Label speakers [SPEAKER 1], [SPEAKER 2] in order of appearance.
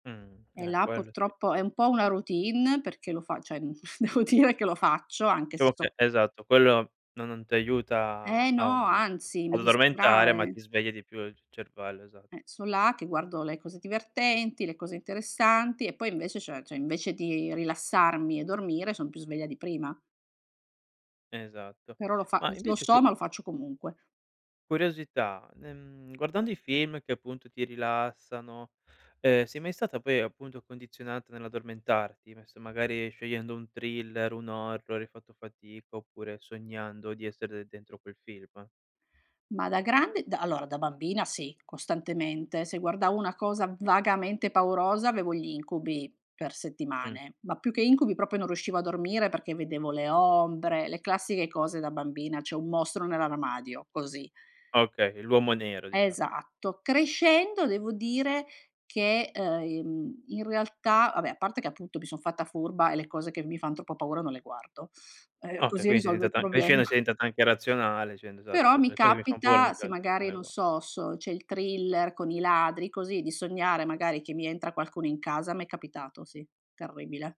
[SPEAKER 1] Mh,
[SPEAKER 2] E
[SPEAKER 1] eh,
[SPEAKER 2] là
[SPEAKER 1] quello sì.
[SPEAKER 2] purtroppo è un po' una routine perché lo fa cioè, mhmm, devo dire che lo faccio anche se
[SPEAKER 1] Ciamo
[SPEAKER 2] so
[SPEAKER 1] che esatto, quello no non ti aiuta
[SPEAKER 2] Eh
[SPEAKER 1] a
[SPEAKER 2] no,
[SPEAKER 1] mhmm,
[SPEAKER 2] anzi mi
[SPEAKER 1] ad addormentare, ma
[SPEAKER 2] distrae.
[SPEAKER 1] ti sveglia di più il c cervello, esatto.
[SPEAKER 2] Eh, son là che guardo le cose divertenti, le cose interessanti e poi invece cioè cioè invece di rilassarmi e dormire son più sveglia di prima.
[SPEAKER 1] Esatto.
[SPEAKER 2] Però lo fa m
[SPEAKER 1] Ma
[SPEAKER 2] lo
[SPEAKER 1] invece
[SPEAKER 2] so,
[SPEAKER 1] cu
[SPEAKER 2] ma lo faccio comunque.
[SPEAKER 1] curiosità, ehm, guardando i film che appunto ti rilassano, ehm, sei mai stata poi appunto condizionata nell'addormentarti, non so, magari scegliendo un thriller, un horror hai fatto fatica, oppure sognando di essere de dentro quel film?
[SPEAKER 2] Ma da grande da allora da bambina sì, costantemente. Se guardavo una cosa vagamente paurosa avevo gli incubi per
[SPEAKER 1] Mh.
[SPEAKER 2] settimane, ma più che incubi proprio non riuscivo a dormire perché vedevo le ombre, le classiche cose da bambina, c'è un mostro nell'armadio, così.
[SPEAKER 1] Ah okay, l'uomo nero diciamo.
[SPEAKER 2] Esatto. Crescendo devo dire che, ehm, in in realtà va beh, a parte che appunto mi son fatta furba e le cose che mi fan troppo paura non le guardo, ehm,
[SPEAKER 1] Okay,
[SPEAKER 2] così
[SPEAKER 1] quindi sei
[SPEAKER 2] risolvo il
[SPEAKER 1] diventata
[SPEAKER 2] problema.
[SPEAKER 1] crescendo sei diventata anche razionale, dicendo esatto,
[SPEAKER 2] Però
[SPEAKER 1] se
[SPEAKER 2] mi
[SPEAKER 1] le cose mi fanno paura,
[SPEAKER 2] capita
[SPEAKER 1] mi
[SPEAKER 2] se
[SPEAKER 1] piaccion non
[SPEAKER 2] magari
[SPEAKER 1] è
[SPEAKER 2] non
[SPEAKER 1] ugua
[SPEAKER 2] so s c'è il thriller con i ladri così di sognare magari che mi entra qualcuno in casa m'è capitato. Sì, terribile.